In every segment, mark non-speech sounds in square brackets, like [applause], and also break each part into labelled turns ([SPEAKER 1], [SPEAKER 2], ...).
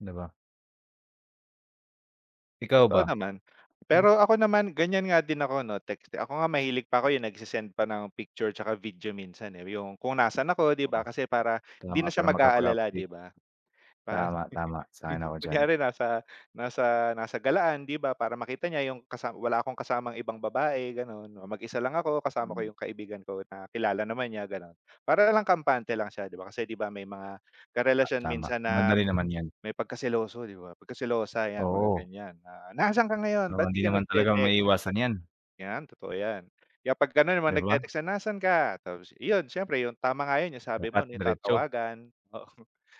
[SPEAKER 1] 'Di ba? Ikaw ba?
[SPEAKER 2] Totoo naman,
[SPEAKER 1] Hmm.
[SPEAKER 2] pero ako naman ganiyan nga din ako 'no text. Ako nga, mahilig pa ko yung nagsesend pa ng picture 'tsaka video minsan, eh, yung kung nasaan ako di ba,
[SPEAKER 1] Tama
[SPEAKER 2] kasi para
[SPEAKER 1] kaya
[SPEAKER 2] hindi na
[SPEAKER 1] nga
[SPEAKER 2] siya
[SPEAKER 1] para
[SPEAKER 2] mag-aalala,
[SPEAKER 1] makapag-update.
[SPEAKER 2] di ba? Di ba,
[SPEAKER 1] Tama, tama, sang-ayon ako
[SPEAKER 2] [chuckles]
[SPEAKER 1] diyan.
[SPEAKER 2] kunyari nasa nasa nasa galaan di ba, para makita niya yung kasa wala akong kasamang ibang babae gano'n. Oh, mag-isa lang ako kasama ko
[SPEAKER 1] Hmm.
[SPEAKER 2] yung kaibigan ko na kilala naman niya gano'n. Para lang kampante lang siya di ba, kasi di ba may mga karelasyon
[SPEAKER 1] Tama
[SPEAKER 2] minsan na,
[SPEAKER 1] madali
[SPEAKER 2] ma
[SPEAKER 1] naman 'yan.
[SPEAKER 2] may pagkaseloso di ba, pagkaselosa 'yan mga
[SPEAKER 1] Oo.
[SPEAKER 2] ganiyan na, "Nasaan ka ngayon
[SPEAKER 1] Oo,
[SPEAKER 2] ba't di
[SPEAKER 1] hindi
[SPEAKER 2] ka
[SPEAKER 1] naman talaga
[SPEAKER 2] nagte-text?"
[SPEAKER 1] maiiwasan 'yan.
[SPEAKER 2] 'Yan totoo 'yan, kaya pag gano'n
[SPEAKER 1] 'Di
[SPEAKER 2] naman
[SPEAKER 1] ba?
[SPEAKER 2] nag-te-text na, "Nasaan ka?" Tapos iyon siyempre yung tama nga 'yon yung sabi mo
[SPEAKER 1] Dapat
[SPEAKER 2] yung
[SPEAKER 1] diretso.
[SPEAKER 2] tatawagan, oo,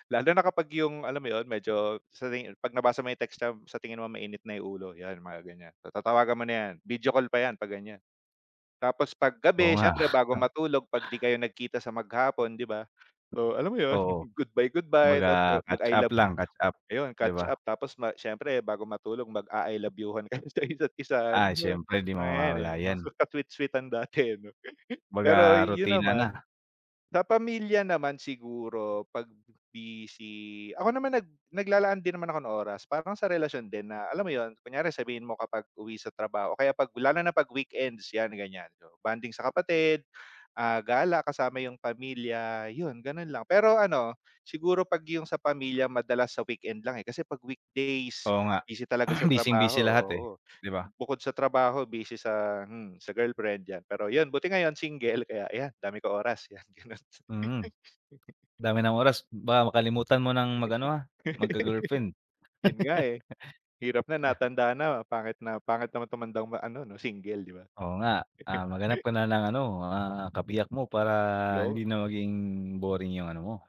[SPEAKER 2] lalo na kapag yung alam mo yun medyo sa ri pag nabasa may text niya sa tingin mo mainit na yung ulo, yan mga ganiyan, tatawagan mo na 'yan, video call pa 'yan pag ganiyan. Tapos pag
[SPEAKER 1] Oo
[SPEAKER 2] gabi,
[SPEAKER 1] nga.
[SPEAKER 2] siyempre bago
[SPEAKER 1] [chuckles]
[SPEAKER 2] matulog pag di kayo nagkita sa maghapon, di ba? So, alam mo 'yon,
[SPEAKER 1] Oo.
[SPEAKER 2] goodbye, goodbye, tapos
[SPEAKER 1] Kumbaga
[SPEAKER 2] mag-I
[SPEAKER 1] catch-up
[SPEAKER 2] love,
[SPEAKER 1] lang, catch-up,
[SPEAKER 2] ayun
[SPEAKER 1] di ba?
[SPEAKER 2] catch-up tapos ma siyempre bago matulog mag-a-I love you-han kayo sa isa't isa, yung
[SPEAKER 1] Ay,
[SPEAKER 2] mga,
[SPEAKER 1] siyempre di mo
[SPEAKER 2] eh,
[SPEAKER 1] mawawala
[SPEAKER 2] 'yan
[SPEAKER 1] 'yan.
[SPEAKER 2] maka sweet-sweetan dati ano. [chuckles]
[SPEAKER 1] Kumbaga
[SPEAKER 2] Pero 'yon
[SPEAKER 1] rutina
[SPEAKER 2] naman,
[SPEAKER 1] na.
[SPEAKER 2] sa pamilya naman siguro pag busy, ako naman nag naglalaan din naman ako ng oras parang sa relasyon din na alam mo 'yon kunyari sabihin mo kapag uwi sa trabaho, o kaya pag lalo na na pag weekends 'yan ganiyan, bonding sa kapatid, ah, gala kasama yung pamilya yun gano'n lang. Pero ano, siguro pag yung sa pamilya madalas sa weekend lang, eh, kasi pag weekdays
[SPEAKER 1] Oo, nga
[SPEAKER 2] busy talaga sa
[SPEAKER 1] [clears throat]
[SPEAKER 2] trabaho,
[SPEAKER 1] busying-busy lahat, eh,
[SPEAKER 2] oo,
[SPEAKER 1] di ba?
[SPEAKER 2] bukod sa trabaho busy sa, hmm, sa girlfriend 'yan pero yun buti ngayon single kaya 'yan dami ko oras, 'yan gano'n.
[SPEAKER 1] Mm. Dami ng oras, baka makalimutan mo ng mag ano, ah, magka-girlfriend.
[SPEAKER 2] [chuckles] Yun nga, eh, hirap na,
[SPEAKER 1] [chuckles]
[SPEAKER 2] natanda na, pangit na pangit naman tumandang ma ano no single, di ba?
[SPEAKER 1] Oo nga, ah, maghanap ka
[SPEAKER 2] [chuckles]
[SPEAKER 1] na ng ano, ah, kabiyak mo para hindi
[SPEAKER 2] 'Yon.
[SPEAKER 1] na maging boring yung ano mo.